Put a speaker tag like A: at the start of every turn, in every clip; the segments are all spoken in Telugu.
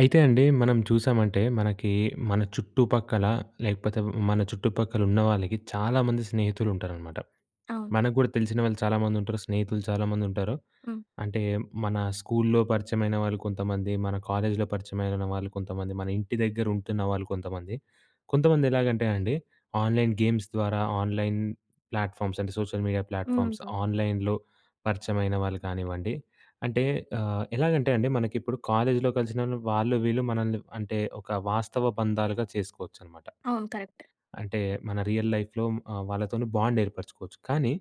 A: అయితే అండి మనం చూశామంటే మనకి మన చుట్టుపక్కల లేకపోతే వ్ మన చుట్టుపక్కల ఉన్నవాళ్ళకి చాలామంది స్నేహితులుంటారన్నమాట.
B: అవును.
A: మనకు గూడా తెలిసినవాళ్ళు చాలామంది ఉంటారు. స్నేహితులు చాలామంది ఉంటారు.
B: హ్మ్.
A: అంటే మన స్కూల్‌లో పరిచయమైన వాళ్ళు కొంతమంది, మన కాలేజ్‌లో పరిచయమైనన వాళ్ళు కొంతమంది, మన ఇంటి దగ్గర ఉంటున్నవాళ్ళు కొంతమంది, కొంతమంది ఎలాగంటే అండి ఆన్‍లైన్ గేమ్స్ ద్వారా, ఆన్‍లైన్ ప్లాట్‍ఫామ్స్ అంటే సోషల్ మీడియా ప్లాట్‍ఫామ్స్
B: హుహు.
A: ఆన్‍లైన్‌లో పరిచయమైన వాళ్ళు కానివ్వండి, అంటే ఆహ్, ఎలాగంటే అండి మనకిప్పుడు కాలేజ్‌లో కలిసినవాళ్ళు వాళ్ళు వీళ్ళు మనల్ని అంటే ఒక వాస్తవ బంధాలుగా చేసుకోవచ్చన్నమాట.
B: అవును. కరెక్ట్.
A: అంటే మన రియల్ లైఫ్‍లో ఆహ్, వాళ్ళతోని బాండ్ ఏర్పరుచుకోవచ్చు. కానీ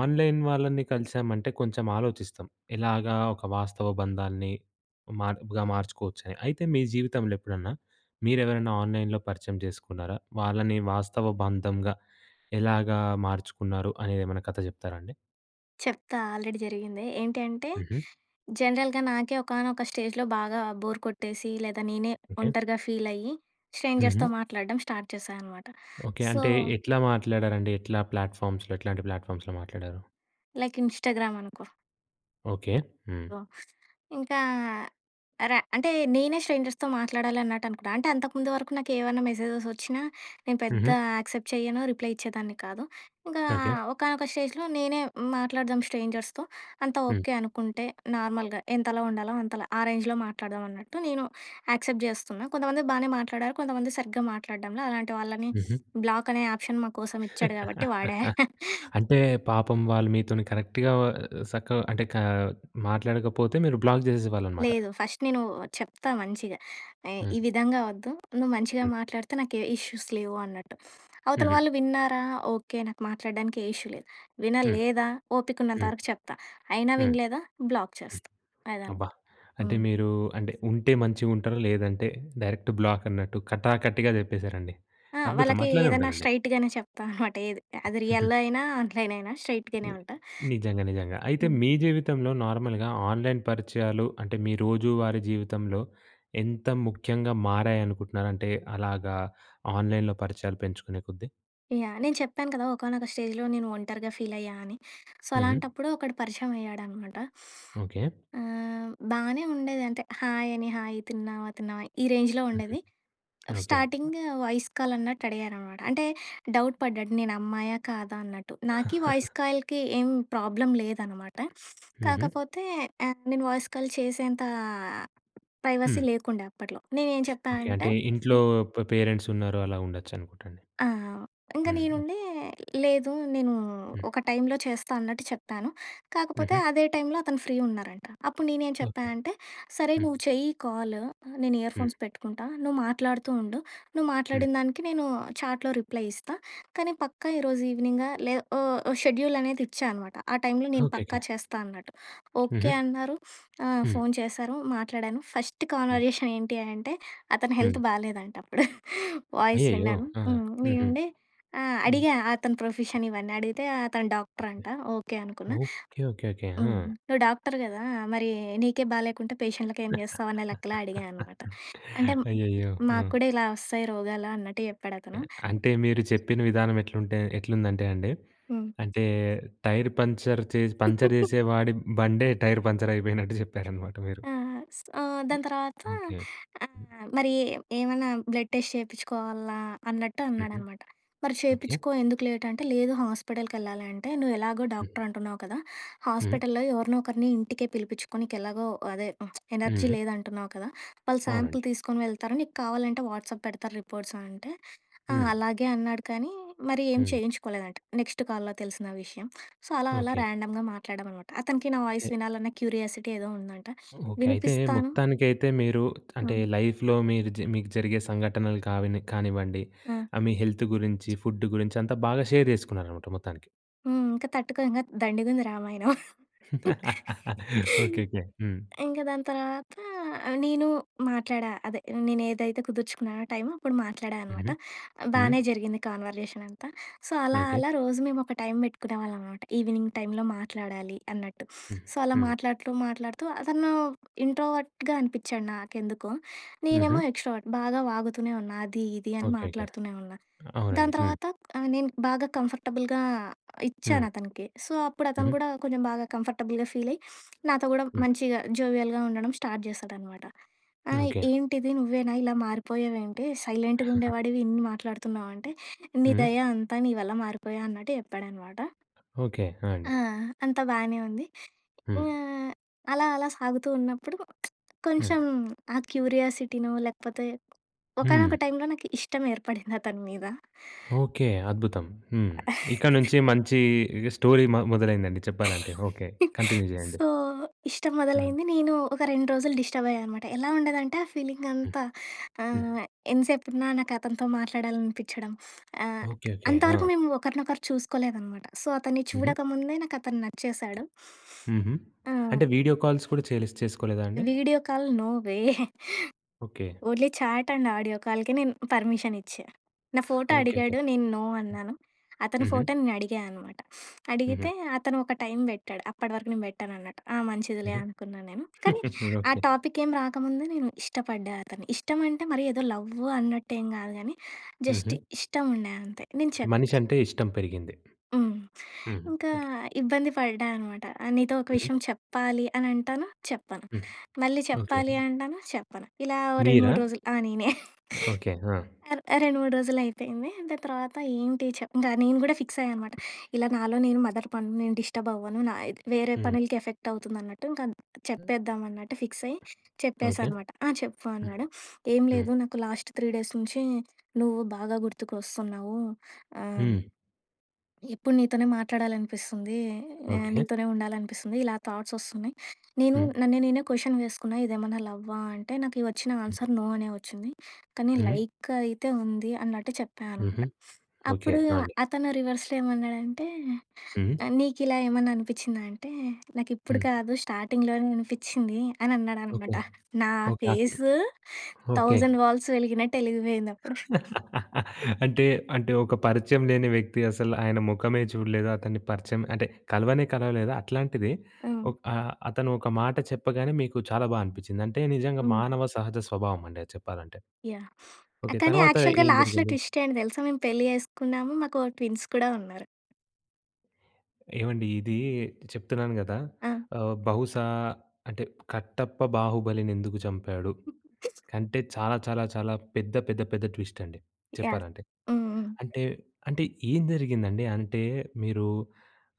A: ఆన్‍లైన్ వాళ్ళని కలిసామంటే కొంచెం ఆలోచిస్తం. ఎలాగా ఒక వాస్తవ బంధాన్ని మార్గ మార్చుకోవచ్చని. అయితే మీ జీవితంలో ఎప్పుడన్నా మీరు ఎవరైనా ఆన్‍లైన్‍లో పరిచయం చేసుకున్నరా? వాళ్ళని వాస్తవ బంధంగా ఎలాగా మార్చుకున్నరు అనేది ఏమన్నా కథ చెప్తారా అండి?
B: చెప్తా ఆల్రెడీ జరిగిందే. ఏంటి అంటే
A: హుహు.
B: జనరల్‌గా నాకే ఒకానొక స్టేజ్‌లో బాగా బోర్ కొట్టేసి లేదా నేనే
A: ఓకె.
B: ఒంటరిగా ఫీల్ అయ్యి స్ట్రేంజర్స్‌తో
A: హుహు.
B: మాట్లాడడం స్టార్ట్ చేశా అన్నమాట.
A: ఓకె.
B: సో
A: అంటే ఎట్లా మాట్లాడారండి? ఎట్లా ప్లాట్‌ఫామ్స్‌లో ఎట్లాంటి ప్లాట్‌ఫామ్స్‌లో మాట్లాడారు?
B: లైక్ ఇన్‌స్టాగ్రామ్ అనుకో.
A: ఓకే. హ్మ్.
B: సో ఇంకా అర అంటే నేనే స్ట్రేంజర్స్‌తో మాట్లాడాలి అన్నట్టు అనుకుంటా. అంటే అంతకుముందు వరకు నాకేమన్నా మెసేజెస్ వచ్చినా నేను పెద్ద
A: హుహు.
B: యాక్సెప్ట్ చేయను. రిప్లై ఇచ్చేదాన్ని కాదు. ఇంకా
A: ఓకే.
B: ఒకానొక స్టేజ్‍లో నేనే మాట్లాడదాం స్ట్రేంజర్స్‌తో అంతా
A: హ్మ్.
B: ఓకే అనుకుంటే నార్మల్‍గా ఎంతలో ఉండాలో అంతలో. ఆ రేంజ్‌లో మాట్లాడదాం అన్నట్టు నేను యాక్సెప్ట్ జేస్తున్నా. కొంతమంది బాగానే మాట్లాడారు కొంతమంది సరిగ్గా మాట్లాడడంల. అలాంటి వాళ్ళని
A: హుహు.
B: బ్లాక్ అనే ఆప్షన్ మాకోసం ఇచ్చాడు కాబట్టి వాడా.
A: అంటే పాపం వాళ్ళు మీతోని కరెక్ట్‌గా ఆహ్, ఆహ్, సక్కగ అంటే క మాట్లాడకపోతే మీరు బ్లాక్ జేసెసేవాళ్ళనమాట.
B: లేదు ఫస్ట్ నేను చెప్తా మంచిగా. ఏయ్, ఈ
A: హ్మ్.
B: విధంగా వద్దు నువ్వు మంచిగా
A: హ్మ్.
B: మాట్లాడితే నాకే ఇష్యూస్ లేవు అన్నట్టు. అవతల
A: హుహు.
B: వాళ్ళు విన్నారా ఓకే నాకు మాట్లాడడానికి ఏ ఇష్యూ లేదు.
A: హ్మ్,
B: వినలేదా ఓపికున్నంత
A: హ్మ్.
B: వరకు చెప్తా అయినా
A: హ్మ్.
B: వినలేదా బ్లాక్
A: హ్మ్.
B: చేస్తా అదనామాట.
A: అబ్బా! అంటే
B: హ్మ్.
A: మీరు అంటే ఉంటే మంచిగా ఉంటా‌రు లేదంటే డైరెక్ట్ బ్లాక్ అన్నట్టు కటాకట్టిగా చెప్పేసారండి.
B: ఆ!
A: అద్భుతం
B: వాళ్ళకి
A: అట్లానే
B: ఏదన్నా
A: ఉండాలండి.
B: స్ట్రెయిట్‌గానే చెప్తా అనమాట ఏది. అది రియల్‌లో అయినా ఆన్‍లైన్ అయినా స్ట్రెయిట్‌గానే ఉంటా.
A: నిజంగా నిజంగా. అయితే
B: హ్మ్.
A: మీ జీవితంలో నార్మల్‍గా ఆన్‍లైన్ పరిచయాలు అంటే మీ రోజువారీ జీవితంలో ఎంత ముఖ్యంగా మారాయనుకుంటున్నారంటే అలాగా ఆన్‍లైన్‍లో పరిచయాలు పెంచుకునే కొద్దీ.
B: యాహ్! నేను చెప్పాను కదా! ఒకానొక స్టేజ్‌లో నేను ఒంటరిగా ఫీల్ అయ్యా అని. సో,
A: హ్మ్.
B: అలాంటప్పుడు ఒకడు పరిచయం అయ్యాడన్నమాట.
A: ఓకే.
B: ఆహ్, బానే ఉండేది. అంటే, హాయ్ అని, హాయ్, తిన్నావా? తిన్నావా? ఈ రేంజ్‌లో
A: హుహు.
B: ఉండేది.
A: ఓకే.
B: స్టార్టింగ్ వాయిస్ కాల్ అన్నట్టు అడిగారన్నమాట. అంటే డౌట్ పడ్డాడు నేను అమ్మాయా? కాదా? అన్నట్టు. నాకి వాయిస్ కాల్‌కి ఏం ప్రాబ్లమ్ లేదన్నమాట.
A: హుహు.
B: కాకపోతే ఆహ్, నేను వాయిస్ కాల్ చేసేంత ప్రైవసీ
A: హ్మ్.
B: లేకుండే అప్పట్లో. నేను ఏం చెప్పా
A: ఓకే.
B: అంటే
A: అంటే ఇంట్లో ప పేరెంట్స్ ఉన్నారు. అలా ఉండొచ్చు అనుకుంటా అండి.
B: ఆ! ఇంక
A: హ్మ్.
B: నేనుండి, "లేదు నేను
A: హ్మ్.
B: ఒక టైమ్‌లో చేస్తా" అన్నట్టు చెప్పాను. కాకపోతే
A: హుహు.
B: అదే టైమ్ లో అతను ఫ్రీ ఉన్నారంట. అప్పుడు నేనేం చెప్పా
A: ఓకే.
B: అంటే "సరే!
A: హ్మ్.
B: నువ్వు చెయ్యి కాల్ నేను ఇయర్
A: హ్మ్.
B: ఫోన్స్ పెట్టుకుంటా నువ్వు మాట్లాడుతూ ఉండు. నువ్వు
A: హ్మ్.
B: మాట్లాడిన దానికి నేను చాట్‍లో రిప్లై ఇస్తా. కానీ పక్కా ఈరోజు ఈవినింగ్" లే ఉ షెడ్యూల్ అనేది ఇచ్చా అన్నమాట. ఆ టైమ్‌లో నేను
A: ఓకే.
B: పక్కా
A: ఓకే.
B: చేస్తా అన్నట్టు. ఓకే
A: హుహు.
B: అన్నారు. ఆహ్,
A: హ్మ్.
B: ఫోన్ చేశారు, మాట్లాడాను. ఫస్ట్
A: హ్మ్.
B: కన్వర్జేషన్ ఏంటి అంటే అతని
A: హ్మ్.
B: హెల్త్ బాలేదంట. అప్పుడు వాయిస్
A: అయ్యయ్యో!
B: విన్నాను.
A: ఆ! హుహు.
B: నేనుండి ఆహ్,
A: హ్మ్.
B: అడిగా అతని ప్రొఫెషన్ ఇవన్నీ, అడిగితే అతను డాక్టర్
A: ఓకే.
B: అంట. ఓకే, అనుకున్నా.
A: ఓకే. ఓకే. ఓకే.
B: హ్మ్,
A: హా!
B: "నువ్వు డాక్టర్ కదా? మరి నీకే బాలేకుంటే పేషెంట్లకి ఏం చేస్తావు?" అనే లెక్కలో అడిగానన్నమాట. అంటే
A: అయ్యయ్యో! ఆ!
B: "మాకు కూడా ఇలా వస్తాయి రోగాలు" అన్నట్టు చెప్పాడు
A: ఒకే.
B: అతను.
A: అంటే మీరు చెప్పిన విధానం ఎట్లుంటే ఎట్లుందంటే అండి
B: హ్మ్.
A: అంటే టైర్ పంక్చర్ చేసి పంక్చర్ చేసే వాడి బండే టైర్ పంక్చర్ అయిపోయినట్టు చెప్పారన్నమాట మీరు.
B: ఆహ్, సొ
A: హ్మ్.
B: దాని తర్వాత,
A: ఓకే. హ్మ్.
B: ఆహ్, మరి ఏమన్నా "బ్లడ్ టెస్ట్ చేపించుకోవాలా?" అన్నట్టు
A: హుహు.
B: అన్నాడన్నమాట. "మరి
A: ఓకే.
B: చేపించుకో. ఎందుకు లేట్?" అంటే లేదు "హాస్పిటల్‌కి ఎళ్ళాలి అంటే నువ్వు ఎలాగో
A: హ్మ్.
B: డాక్టర్ అంటున్నావు కదా!
A: హ్మ్.
B: హాస్పిటల్‌లో ఎవరినో ఒకరిని ఇంటికే పిలిపించుకో. నీకు ఎలాగో అదే ఎనర్జీ
A: హ్మ్.
B: లేదు అంటున్నావు కదా! వాళ్ళు
A: అవునండి.
B: సాంపిల్ తీసుకొని వెళ్తారు. నీకు కావాలంటే వాట్సాప్ పెడతారు రిపోర్ట్స్" అనంటే ఆ!
A: హ్మ్.
B: అలాగే అన్నాడు. కానీ మరి ఏం
A: హ్మ్.
B: చేయించుకోలేదంట నెక్స్ట్ కాల్‌లో తెలిసిన విషయం. సో, అలా అలా
A: ఓకే.
B: ర్యాండమ్‌గా మాట్లాడామన్నమాట. అతనికి నా వాయిస్
A: అయితే
B: వినాలన్న క్యూరియాసిటీ ఏదో ఉందంట.
A: ఓకే. అయితే
B: వినిపిస్తాను
A: మొత్తానికైతే మీరు అంటే
B: హ్మ్.
A: లైఫ్‌లో మీర్ మీకు జరిగే సంఘటనలు కావి కానివ్వండి,
B: ఆ!
A: ఆహ్, మీ హెల్త్ గురించి, ఫుడ్ గురించి అంతా బాగా షేర్ చేసుకున్నారన్నమాట మొత్తానికి.
B: హ్మ్. ఇంక తట్టుకో ఇంగా దండిగుంది రామాయణం.
A: Okay, okay. హ్మ్.
B: ఇంక దాని తర్వాత నేను మాట్లాడా. అదే నేనేదైతే కుదుర్చుకున్నానో టైము, అప్పుడు మాట్లాడా అనమాట.
A: హుహు. హ్మ్.
B: బానే జరిగింది కాన్వర్జేషన్ అంతా. సో అలా,
A: ఓకే.
B: అలా రోజు మేమొక టైమ్ పెట్టుకునేవాళ్ళం మాట. ఈవినింగ్ టైమ్‌లో మాట్లాడాలి అన్నట్టు.
A: హ్మ్.
B: సో అలా
A: హ్మ్.
B: మాట్లాడుతూ, మాట్లాడుతూ అతను ఇంట్రోవర్ట్‌గా అనిపిచ్చాడు నాకెందుకో. నేనేమో
A: హుహు.
B: ఎక్స్‌ట్రోవర్ట్. బాగా వాగుతూనే ఉన్నా. అది ఇది అని
A: ఓకేకే.
B: మాట్లాడుతూనే ఉన్నా.
A: అవునండి.
B: దాని
A: హ్మ్.
B: తర్వాత ఆహ్, నేను బాగా కంఫర్టబుల్‌గా ఇచ్చాను
A: హ్మ్.
B: అతనికి. సో అప్పుడు అతను
A: హుహు.
B: కూడా కొంచెం బాగా కంఫర్టబుల్‍గా ఫీలయి నాతో కూడా
A: హ్మ్.
B: మంచిగా జోవియల్‌గా ఉండడం స్టార్ట్ జేస్తాడనమాట. "ఆ
A: హ్మ్. ఓకే.
B: ఏంటిది నువ్వేనా? ఇలా మారిపోయావు ఏంటి? సైలెంట్‌గా ఉండేవాడివి. ఇన్ని మాట్లాడుతున్నావు" అంటే "నీ
A: హుహు.
B: దయ అంతా. నీ వల్ల మారిపోయా" అన్నట్టు చెప్పాడనమాట.
A: ఓకే. ఆ! అండి.
B: ఆ! అంతా బానే ఉంది. ఇ
A: హ్మ్.
B: ఆహ్, అలా, అలా సాగుతూ ఉన్నప్పుడు
A: హ్మ్.
B: కొంచెం ఆ క్యూరియాసిటినో లేకపోతే,
A: హ్మ్.
B: ఒకానొక టైమ్‌లో నాకు ఇష్టం ఏర్పడింది అతని మీద.
A: ఓకే. అద్భుతం. హ్మ్. ఇక నుంచి మంచీ స్టోరీ మొ మొదలైందండి చెప్పాలంటే. ఓకే. కంటిన్యు జెయ్యండి.
B: సో ఇష్టం
A: హ్మ్.
B: మొదలైంది. నేను ఒక 2 రోజులు డిస్టర్బ్ అయ్యానమాట. ఎలా ఉండేదంటే ఆ ఫీలింగ్
A: హ్మ్.
B: అంతా
A: హ్మ్.
B: ఆహ్, ఎంత సేపున్నా నాకతనితో మాట్లాడాలనిపిచ్చడం. ఆహ్,
A: ఓకే, ఓకే.
B: అంతవరకు
A: ఆ!
B: మేము ఒకరినొకరు చూసుకోలేదనమాట. సో అతన్ని
A: హుహు.
B: చూడక ముందే నాకతను నచ్చేశాడు.
A: హుహు.
B: ఆ!
A: అంటే వీడియో కాల్స్ కూడా చేయలిస్ చేస్కోలేదా అండి?
B: Video call no way.
A: Okay.
B: Only chat and audio కాల్‌కే నేను పర్మిషన్ ఇచ్చా. నా ఫోటో
A: ఓకేకే.
B: అడిగాడు. నేను నో
A: హ్మ్.
B: అన్నాను. అతని
A: హుహు.
B: ఫోటో నేనడిగా అనమాట. అడిగితే
A: హుహు.
B: అతను ఒక టైమ్ బెట్టాడు. అప్పటి వరకు నేను బెట్టనన్నట్టు. ఆ మంచిదిలే
A: హుహు.
B: అనుకున్నా నేను. కానీ ఆ
A: ఓకే.
B: టాపిక్ ఏం రాకముందు నేను ఇష్టపడ్డా అతని. ఇష్టం అంటే మరీ ఏదో లవ్ అన్నట్టు ఏం గాదు గానీ జస్ట్
A: హుహు.
B: ఇష్టం ఉండే అంతే. నేను
A: అంటే
B: చెప్
A: మనిషి అంటే ఇష్టం పెరిగింది.
B: హ్మ్.
A: హుహు.
B: ఇంకా
A: ఓకే.
B: ఇబ్బంది పడ్డా అనమాట. ఆహ్, "నీతో ఒక
A: హుహు.
B: విషయం చెప్పాలి" అని అంటాను. చెప్పను.
A: హ్మ్.
B: మళ్ళీ
A: ఓకే.
B: "చెప్పాలి"
A: హుహు.
B: అంటాను. చెప్పను. ఇలా ఓ రెండు
A: మీరా?
B: మూడు రోజులు ఆ! నేనే.
A: ఓకే. ఆ!
B: అర్ ఆ 2,3 రోజులు అయిపోయింది. దాని తర్వాత ఏంటి చప్ ఇంగ నేను గూడా ఫిక్స్ అయ్యా అనమాట. ఇలా నాలో నేను మదన పడను. నేను డిస్టర్బ్ అవ్వను. నా ఇద్ వేరే
A: హ్మ్.
B: పనులకి ఎఫెక్ట్ అవుతుంది అన్నట్టు, ఇంక చెప్పేద్దాం అన్నట్టు ఫిక్స్ అయ్యి చెప్పేశా
A: ఓకే.
B: అనమాట. "ఆ! చెప్పు"
A: హ్మ్.
B: అన్నాడు. "ఏం
A: హ్మ్.
B: లేదు నాకు లాస్ట్ 3 డేస్ నుంచి నువ్వు బాగా గుర్తుకొస్తున్నావు." ఆహ్
A: హ్మ్.
B: "ఎప్పుడు నీతోనే మాట్లాడాలనిపిస్తుంది. ఆహ్,
A: ఓకే.
B: నీతోనే ఉండాలనిపిస్తుంది. ఇలా థాట్స్ వస్తున్నాయి. నేను
A: హ్మ్.
B: నన్ను నేనే క్వషన్ వేసుకున్నా ఇదేమన్నా లవ్వా అంటే నాకు వచ్చిన ఆన్సర్ నో అనే వచ్చింది. కానీ
A: హుహు.
B: లైక్ అయితే ఉంది" అన్నట్టు చెప్పా అనమాట.
A: హుహు. ఓకే
B: అప్పుడు
A: ఆ! అండి.
B: అతను రివర్స్‌లో ఏమన్నాడంటే,
A: హుహు.
B: ఆహ్, "నీకిలా ఏమన్నా అనిపిచ్చిందా" అంటే, "నాకిప్పుడు
A: హ్మ్.
B: కాదు స్టార్టింగ్‍లోనే అనిపిచ్చింది" అని
A: ఓకే.
B: అన్నాడనమాట. నా
A: ఓకే. అతను
B: ఫేస్
A: ఓకే.
B: 1000 వాల్ట్స్ వెలిగినట్టు ఎలిగిపోయింది అప్పుడు.
A: అంటే, అంటే ఒక పరిచయం లేని వ్యక్తి. అసల ఆయన మొఖమే చూడలేదు. అతన్ని పరిచయం అంటే కలవనే కలవలేదు. అట్లాంటిది
B: హ్మ్.
A: ఒక్ ఆ అతను ఒక మాట చెప్పగానే, మీకు చాలా బా అనిపిచ్చింది. అంటే నిజంగా
B: హ్మ్.
A: మానవ సహజ స్వభావం అండి అది చెప్పాలంటే.
B: యాహ్! ఆ
A: ఓకే.
B: కానీ
A: తర్వాత
B: యాక్చువల్‌గా
A: ఏం
B: లాస్ట్‌లో
A: జరిగింది?
B: ట్విస్ట్ ఏంటి తెలుసా మేము పెళ్లి చేసుకున్నాము. మాకు ఓ ట్విన్స్ కూడా ఉన్నారు.
A: ఏవండీ ఇది చెప్తున్నాను గదా!
B: ఆ!
A: ఆహ్, బహుశా అంటే కట్టప్ప బాహుబలిని ఎందుకు చంపాడు? కంటే చాలా, చాలా, చాలా పెద్ద, పెద్ద, పెద్ద ట్విస్ట్ అండి
B: యహ్!
A: చెప్పాలంటే.
B: హ్మ్. హ్మ్.
A: అంటే, అంటే ఏం జరిగిందండి. అంటే మీరు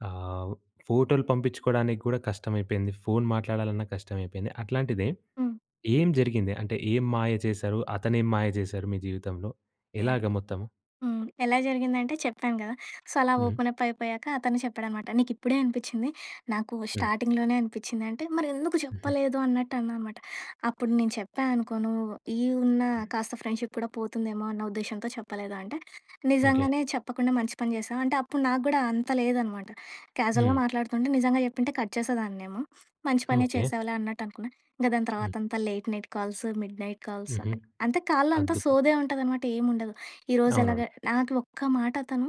A: ఆహ్, ఫోటోలు పంపించుకోడానికి కూడా కష్టమైపోయింది. ఫోన్ మాట్లాడాలన్నా కష్టమైపోయింది. అట్లాంటిది
B: హ్మ్.
A: ఏం జరిగింది. అంటే ఏం మాయ చేశారు. అతనేం మాయ జేశారు మీ జీవితంలో
B: యహ్!
A: ఎలాగ
B: హ్మ్.
A: మొత్తము?
B: హ్మ్. ఎలా జరిగిందంటే చెప్పాను గదా! సో అలా
A: హ్మ్.
B: ఓపెన్ అప్ అయిపోయాక అతనే చెప్పాడనమాట. నీకు ఇప్పుడే అనిపిచ్చింది. నాకు
A: హ్మ్.
B: స్టార్టింగ్‌లోనే అనిపిచ్చింది అంటే మరి ఎందుకు
A: ఉహూ.
B: చెప్పలేదు అన్నట్టు అన్నానమాట. అప్పుడు నేను చెప్పా అనుకో నువ్వు ఈ ఉన్న
A: హ్మ్.
B: కాస్త ఫ్రెండ్‌షిప్ కూడా పోతుందేమో అన్న ఉద్దేశ్యంతో చెప్పలేదు అంటే.
A: ఓకే.
B: నిజంగానే చెప్పకుండా మంచి పని జేసావు. అంటే అప్పుడు నాగూడా అంత లేదనమాట. క్యాజువల్‌గా
A: హ్మ్.
B: మాట్లాడుతుంటే నిజంగా చెప్పుంటే కట్ చేసేదాన్నేమో! మంచి పనే
A: ఓకే.
B: చేసావులే అన్నట్టు అనుకున్నా. ఇంక దాని
A: హ్మ్.
B: తర్వాత అంతా late night calls, mid night calls.
A: హుహు.
B: అంటే కాల్‌లో అంతా
A: అద్భుతం.
B: సోదే ఉంటాదనమాట. ఏం ఉండదు. ఈరోజు ఎలాగ
A: అవునవును.
B: నాకు ఒక్క మాట అతను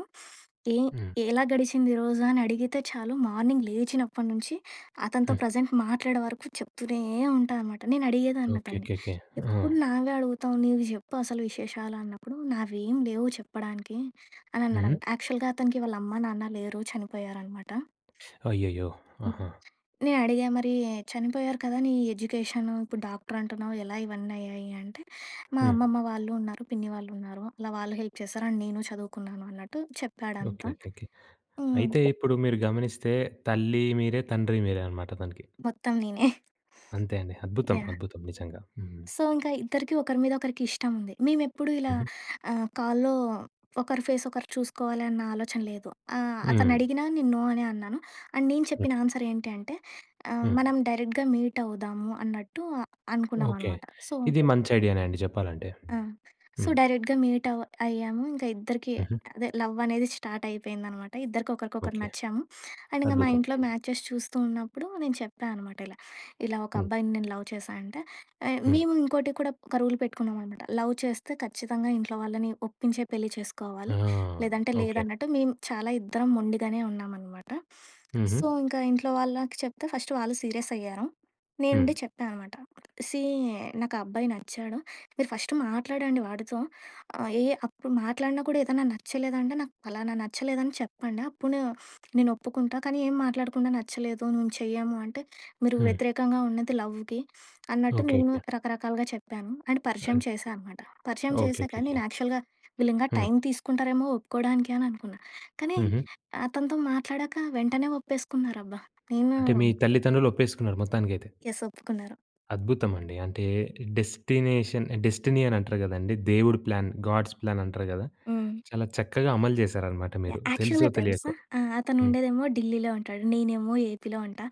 B: ఏం
A: హ్మ్.
B: ఎలా గడిచింది ఈరోజు అని అడిగితే చాలు. మార్నింగ్ లేచినప్పటి నుంచి అతనితో
A: హ్మ్.
B: ప్రెజెంట్ మాట్లాడే వరకు చెప్తూనే ఉంటా అనమాట. నేను అడిగేదాన్ని అతన్ని
A: ఓకేకేకే. హా!
B: ఎప్పుడు నావే అడుగుతావు నీవి జెప్పు అసలు విశేషాలు అన్నప్పుడు నావేమి లేవు చెప్పడానికి అని
A: హ్మ్.
B: అన్నాడంట. యాక్చువల్‌గా అతనికి వాళ్ళ అమ్మ నాన్న లేరు చనిపోయారనమాట.
A: అయ్యయ్యో!
B: హ్మ్.
A: ఆహా!
B: నే అడిగా మరి చనిపోయారు కదా! నీ ఎడ్యుకేషను ఇప్పుడు డాక్టర్ అంటున్నావు ఎలా ఇవన్నీ అయ్యాయి అంటే. మా
A: హ్మ్.
B: అమ్మమ్మ వాళ్ళు ఉన్నారు, పిన్ని వాళ్ళు ఉన్నారు అలా వాళ్ళు హెల్ప్ చేశారు. అండ్ నేను చదువుకున్నాను అన్నట్టు చెప్పాడంతా.
A: ఓకేకేకే.
B: హ్మ్.
A: అయితే ఇప్పుడు మీరు గమనిస్తే తల్లి మీరే, తండ్రి మీరే అనమాట ఆతనకి.
B: మొత్తం నేనే.
A: అంతే అండి. అద్భుతం,
B: యాహ్!
A: అద్భుతం నిజంగా. హ్మ్.
B: సో ఇంక ఇద్దరికి ఒకరి మీద ఒకరికి ఇష్టం ఉంది. మేమెప్పుడూ ఇలా
A: ఉహూ.
B: ఆహ్, కాల్‌లో ఒకరి ఫేస్ ఒకరు చూసుకోవాలి అన్న ఆలోచన లేదు. ఆహ్, అతను
A: హ్మ్.
B: అడిగినా నేను నో అనే అన్నాను. అండ్ నేను
A: ఓకే.
B: చెప్పిన ఆన్సర్ ఏంటి అంటే ఆహ్,
A: హ్మ్.
B: మనం డైరెక్ట్‌గా మీట్ అవుదాము అన్నట్టు అనుకున్నాం
A: ఓకే.
B: అనమాట. సో
A: ఇది మంచి ఐడియానే అండి చెప్పాలంటే.
B: ఆ! సో
A: హ్మ్.
B: డైరెక్ట్‌గా మీట్ అవ్ అయ్యాము. ఇంక ఇద్దరికీ
A: ఉహూ.
B: అదే లవ్ అనేది స్టార్ట్ అయిపోయిందనమాట. ఇద్దరికి ఒకరికొకరు
A: ఓకే.
B: నచ్చాము. అండ్ ఇంక మా
A: అద్భుతం.
B: ఇంట్లో
A: హ్మ్.
B: మ్యాచెస్ చూస్తూ ఉన్నప్పుడు నేను చెప్పా అనమాట ఇలా. ఇలా ఒక
A: హ్మ్.
B: అబ్బాయిని నేను లవ్ చేశా అంటే యే
A: హ్మ్.
B: మేము ఇంకోటి కూడా ఒక రూల్ పెట్టుకున్నామనమాట. లవ్ చేస్తే ఖచ్చితంగా ఇంట్లో వాళ్ళని ఒప్పించే పెళ్లి
A: ఆ!
B: చేసుకోవాలి. లేదంటే
A: ఓకే.
B: లేదన్నట్టు మేము చాలా ఇద్దరం మొండిగానే ఉన్నామనమాట.
A: ఉహూ.
B: సో ఇంక ఇంట్లో వాళ్ళకి చెప్తే ఫస్ట్ వాళ్ళు సీరియస్ అయ్యారు. నేను
A: హ్మ్.
B: ఉండి చెప్పా అనమాట. సీ నాకు ఆ అబ్బాయి నచ్చాడు. మీరు ఫస్ట్ మాట్లాడండి వాడితో. ఆహ్, ఏ అప్పుడు మాట్లాడినా కూడా ఏదన్నా నచ్చలేదంటే నాకు ఫలానా నచ్చలేదని చెప్పండి. అప్పుడు నేను ఒప్పుకుంటా. కానీ ఏం మాట్లాడకుండా నచ్చలేదు. మేము చెయ్యము అంటే మీరు
A: హ్మ్.
B: వ్యతిరేకంగా ఉన్నది లవ్‌కి అన్నట్టు నేను
A: ఓకేకే.
B: రకరకాలుగా చెప్పాను. అండ్ పరిచయం
A: ఆయ్!
B: చేశా అనమాట. పరిచయం చేశాక
A: ఓకేకేకే.
B: నేను యాక్చువల్‌గా వీళ్ళింగా
A: హ్మ్.
B: టైం తీసుకుంటారేమో ఒప్పుకోడానికి అని అనుకున్నా. కానీ
A: హుహు.
B: అతనితో మాట్లాడాక వెంటనే ఒప్పేసుకున్నారబ్బా!
A: అంటే మీ
B: హ్మ్.
A: తల్లిదండ్రులు ఒప్పేసుకున్నారు మొత్తానికైతే.
B: యస్. ఒప్పుకున్నారు.
A: అద్భుతమండి. అంటే డెస్టినేషన్ డెస్టినీ అని అంటారు గదండీ దేవుడు ప్లాన్ గాడ్స్ ప్లాన్ అంటారు గదా!
B: హ్మ్.
A: చాలా చక్కగా అమలు జేశారనమాట మీరు
B: యాహ్!
A: తెలిసో
B: యాక్చువల్‌గా తెలుసా!
A: తెలియకో.
B: ఆ! అతను
A: హ్మ్.
B: ఉండేదేమో ఢిల్లీలో ఉంటాడు. నేనేమో ఏపీలో ఉంటా.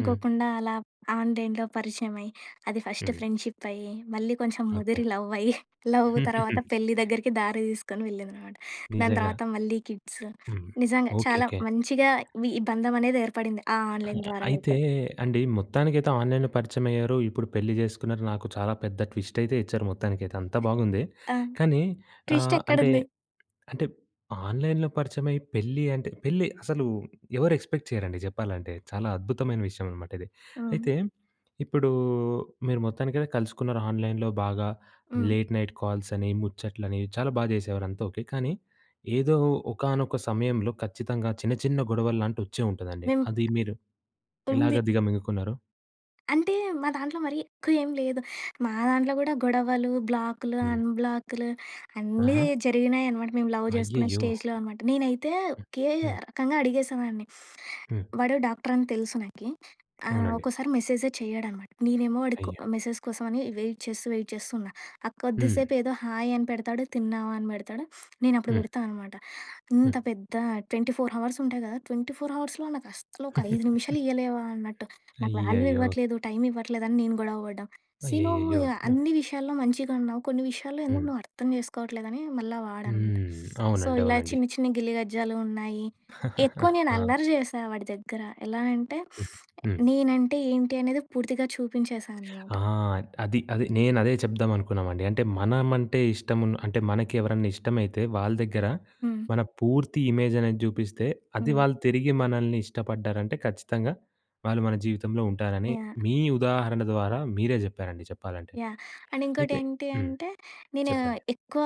A: హ్మ్.
B: అలా ఆన్‍లైన్‍‌లో పరిచయమై. అది ఫస్ట్
A: హ్మ్.
B: ఫ్రెండ్‌షిప్ అయ్యి మళ్ళీ కొంచెం
A: ఓకే.
B: ముదిరి లవ్ అయ్యి, లవ్ తర్వాత పెళ్లి దగ్గరికి దారి దీసుకొని వెళ్ళిందనమాట. దాని
A: నిజంగా.
B: తర్వాత మళ్ళీ కిడ్సు
A: హ్మ్.
B: నిజంగా చాలా
A: ఓకేకే.
B: మంచిగా వి ఈ బంధమనేది ఏర్పడింది. ఆ ఆన్‍లైన్
A: ఆహా!
B: ద్వారా
A: అయితే
B: అయితే.
A: అండి మొత్తానికైతే ఆన్‍లైన్‍లో పరిచయం అయ్యారు. ఇప్పుడు పెళ్లి జేసుకున్నారు. నాకు చాలా పెద్ద ట్విస్ట్ అయితే ఇచ్చారు మొత్తానికైతే అంతా
B: హ్మ్.
A: బావుంది.
B: ఆ!
A: కానీ
B: ట్విస్ట్
A: ఆహ్, అంటే
B: ఎక్కడుంది?
A: అంటే ఆన్‍లైన్‍లో పరిచయమై పెళ్లి అంటే పెళ్లి అసలు ఎవరు ఎక్స్‌పెక్ట్ చేయరండి జెప్పాలంటే. చాలా అద్భుతమైన విషయం అనమాట ఇది.
B: హ్మ్.
A: అయితే ఇప్పుడు మీరు మొత్తానికి కలుసుకున్నారు ఆన్‍లైన్‍లో బాగా
B: హ్మ్.
A: లేట్ నైట్ కాల్స్ అని, ముచ్చట్లని చాలా బాగా జేసేవారు అంతా ఓకే. కానీ ఏదో ఒకానొక సమయంలో ఖచ్చితంగా చిన్న, చిన్న గొడవలు లాంటివి వచ్చే ఉంటదండి.
B: మేము
A: అది మీరు
B: ఉంది.
A: ఎలాగా దిగమింగుకున్నారు?
B: అంటే మా దాంట్లో మరి ఎక్కువ ఏంలేదు. మా దాంట్లో గూడా గొడవలు బ్లాకులు,
A: హ్మ్.
B: అన్‌బ్లాక్‍లు అన్నీ
A: ఆహా!
B: జరిగినాయనమాట. మేము లవ్ చేసుకునే
A: అయ్యయ్యో!
B: స్టేజ్‌‌లో అనమాట. నేనైతే
A: హ్మ్,
B: ఒకే
A: హ్మ్.
B: రకంగా అడిగేసేదాన్ని.
A: హ్మ్.
B: వాడు డాక్టర‌ని తెలుసు నాకి. ఆహ్,
A: అవునండి.
B: ఒక్కోసారి మెసేజే చేయడనమాట. నేనేమో వాడికో
A: అయ్యో!
B: ఆహ్, మెసేజ్ కోసం అని వెయిట్ చేస్తూ వెయిట్ చేస్తూ ఉన్నా. ఆ
A: హ్మ్.
B: కొద్దిసేపు ఏదో హాయ్! అని పెడతాడు తిన్నావా? అని పెడతాడు నేను అప్పుడు
A: హ్మ్.
B: పెడతా అనమాట ఇంత
A: హ్మ్.
B: పెద్ద 24 అవర్స్ ఉంటాయి కదా! 24 అవర్స్‌లో నాకు అస్సలు ఒక 5 నిమిషాలు ఇవ్వలేవా? అన్నట్టు. నాకు వాల్యూ
A: అయ్యయ్యో!
B: ఇవ్వట్లేదు, టైమ్ ఇవ్వట్లేదని నేను గొడవ పడడం. సీ నువ్వు
A: అయ్యయ్యయ్యో! హ్మ్.
B: అన్ని విషయాల్లో మంచిగా ఉన్నావు కొన్ని విషయాల్లో ఎందుకు
A: హ్మ్.
B: నువ్వు అర్థం చేసుకోవట్లేదని మళ్ళ వాడనమాట.
A: హ్మ్.
B: సో
A: అవునండి,
B: ఇలా
A: అవునండి.
B: చిన్ని, చిన్ని గిల్లి గజ్జాలు ఉన్నాయి. ఎక్కువ నేను
A: ఆ!
B: అల్లరి చేశా వాడి దగ్గర ఎలా అంటే,
A: హ్మ్, హ్మ్.
B: నేనంటే ఏంటి అనేది పూర్తిగా చూపించేసానమాట.
A: ఆ! అది, అది నేను అదే చెప్దాం అనుకున్నామండి. అంటే మనమంటే ఇష్టమున్న అంటే మనకి ఎవరన్నా ఇష్టమైతే వాళ్ళ దగ్గర
B: హ్మ్.
A: మన పూర్తి ఇమేజ్ అనేది చూపిస్తే అది
B: హ్మ్.
A: వాళ్ళు తిరిగి మనల్ని ఇష్టపడ్డారంటే ఖచ్చితంగా వాళ్ళు మన జీవితంలో ఉంటారని,
B: యాహ్!
A: మీ ఉదాహరణ ద్వారా మీరే చెప్పారండి చెప్పాలంటే.
B: యాహ్! అండ్ ఇంకోటి
A: అయితే
B: ఏంటి
A: హ్మ్.
B: అంటే, నేను
A: చెప్పండి.
B: ఎక్కువ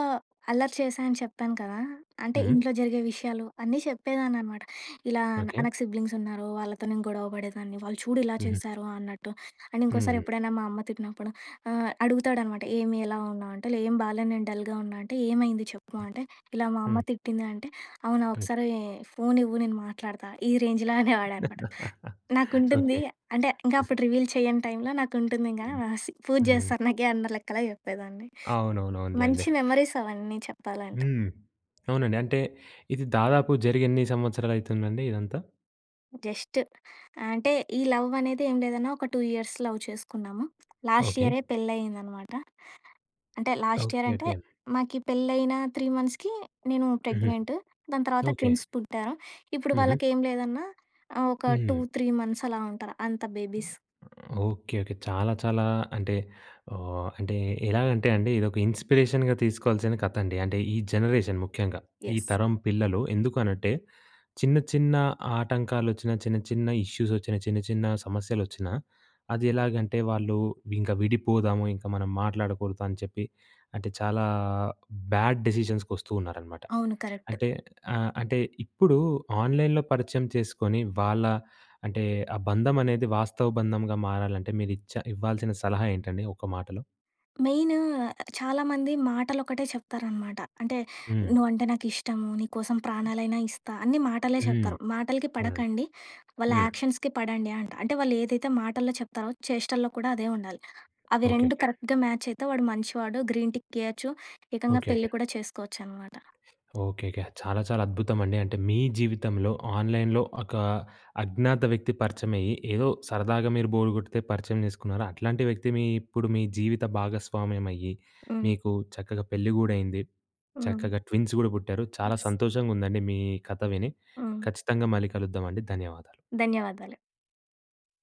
B: అల్లరి చేశా అని చెప్పాను కదా! అంటే
A: హ్మ్.
B: ఇంట్లో జరిగే విషయాలు అన్నీ చెప్పేదాన్ని అనమాట. ఇలా ఆహ్,
A: ఓకే.
B: నాకు సిబ్లింగ్స్ ఉన్నారు. వాళ్ళతో నేను గొడవ పడేదాన్ని, వాళ్ళు చూడు ఇలా
A: హుహు.
B: చేశారో అన్నట్టు అండ్ ఇంకోసారి
A: హ్మ్.
B: ఎప్పుడైనా మా అమ్మ తిట్టినప్పుడు ఆహ్, అడుగుతాడనమాట ఏమి ఎలావున్నావు అంటే ఏం బాలే నేను డల్‌గా ఉన్నా అంటే, ఏమైంది చెప్పు అంటే, ఇలా మా అమ్మ
A: హ్మ్.
B: తిట్టింది అంటే, అవునా?
A: ఓకే.
B: ఒకసారి ఫోన్ ఇవ్వు నేను మాట్లాడుతా ఈ రేంజ్‌లో అనేవాడనమాట. నాకుంటుంది
A: ఓకే.
B: అంటే ఇంకా
A: హ్మ్.
B: అప్పుడు రివీల్ చేయని టైమ్‌లో నాకు ఉంటుంది ఇంగా
A: హ్మ్,
B: ఆ సీ పూజ
A: హ్మ్.
B: చేస్తారు నాకీ అందర లెక్కలా చెప్పేదాన్ని.
A: అవునవునవునులెండి.
B: మంచి మెమరీస్ అవన్నీ చెప్పాలంటే.
A: హ్మ్. అవునండి. అంటే ఇది దాదాపు జరిగేన్ని సంవత్సరాలు అయితుందండి ఇదంతా?
B: జస్ట్. అంటే, ఈ లవ్వనేది ఏమి లేదన్నా ఒక 2 ఇయర్స్ లవ్ చేసుకున్నాము.
A: ఓకే.
B: లాస్టియరే పెళ్ళయిందనమాట. అంటే,
A: ఓకె.
B: లాస్టియరంటే,
A: ఓకె.
B: మాకీ పెళ్ళైన 3 మంత్స్‌కి నేను
A: హుహు.
B: ప్రెగ్నెంట్. దాని తర్వాత
A: ఓకే.
B: ట్విన్స్ పుట్టారు. ఇప్పుడు
A: హుహు.
B: వాళ్ళకేం లేదన్నా ఆహ్, ఒక టూ
A: హ్మ్.
B: త్రీ మంత్సలా ఉంటారు, అంత బేబీస్.
A: ఓకే. ఓకే. చాలా, చాలా అంటే, ఆహ్, అంటే, ఎలాగంటే అండీ, ఇదొక ఇన్‌స్పిరేషన్‌గా తీసుకోవాల్సిన కథండి. అంటే, ఈ జనరేషన్ ముఖ్యంగా, ఈ
B: యస్.
A: తరం పిల్లలు. ఎందుకు అనంటే, చిన్న చిన్న ఆటంకాలొచ్చినా, చిన్న చిన్న ఇష్యూసొచ్చినా, చిన్న చిన్న సమస్యలొచ్చినా, అదెలాగంటే, వాళ్ళు ఇంక విడిపోదాము, ఇంక మనం మాట్లాడకూడదు అని చెప్పి, అంటే చాలా బ్యాడ్ డిసిషన్స్‌కొస్తూ ఉన్నారనమాట.
B: అవును. కరక్ట్.
A: అంటే ఆహ్, అంటే, ఇప్పుడూ ఆన్‌లై‌న్‌లో పరిచయం చేసుకొని, వాళ్ళా అంటే, ఆ బంధమనేది వాస్తవ బంధముగా మారాలంటే, మీరిచ్చ ఇవ్వాల్సిన సలహా ఏంటండి ఒక మాటలో?
B: మెయిను చాలామంది మాటలొకటే చెప్తారనమాట. అంటే,
A: హ్మ్.
B: నువ్వంటే నాకిష్టము, నీ కోసం ప్రాణాలైనా ఇస్తా, అన్నీ మాటలే
A: హ్మ్.
B: చెప్తారు. మాటలకి
A: అవునండి.
B: పడకండి. వాళ్ళ
A: హ్మ్.
B: యాక్షన్స్‌కి పడండి అంట. అంటే, వాళ్ళేదైతే మాటల్లో చెప్తారో, చేష్టల్లో కూడా అదే ఉండాలి. అవి రెండు
A: ఓకేకే.
B: కరెక్ట్‌గా మ్యాచయితే, వాడు మంచివాడు గ్రీన్ టిక్కియ్యచ్చు. ఏకంగా
A: ఓకేకే.
B: పెళ్లి కూడా చేసుకోవచ్చనమాట.
A: ఓకేకే. చాలా చాలా అద్భుతమండి. అంటే, మీ జీవితంలో, ఆన్‍లైన్‍లో ఒకా అజ్ఞాత వ్యక్తి పరిచయమయ్యి, ఏదో సరదాగా మీరు బోరు గొడితే పరిచయం చేసుకున్నారు. అట్లాంటి వ్యక్తి మీ ఇప్పుడు మీ జీవిత భాగస్వామ్యమయ్యి.
B: హ్మ్.
A: మీకు చక్కగా పెళ్లి గూడయింది.
B: హ్మ్.
A: చక్కగా ట్విన్స్ గూడా పుట్టారు. చాలా
B: యస్.
A: సంతోషంగుందండి మీ కథ విని.
B: ఆ!
A: ఖచ్చితంగా మళ్ళీ కలుద్దామండి. ధన్యవాదాలు.
B: ధన్యవాదాలు.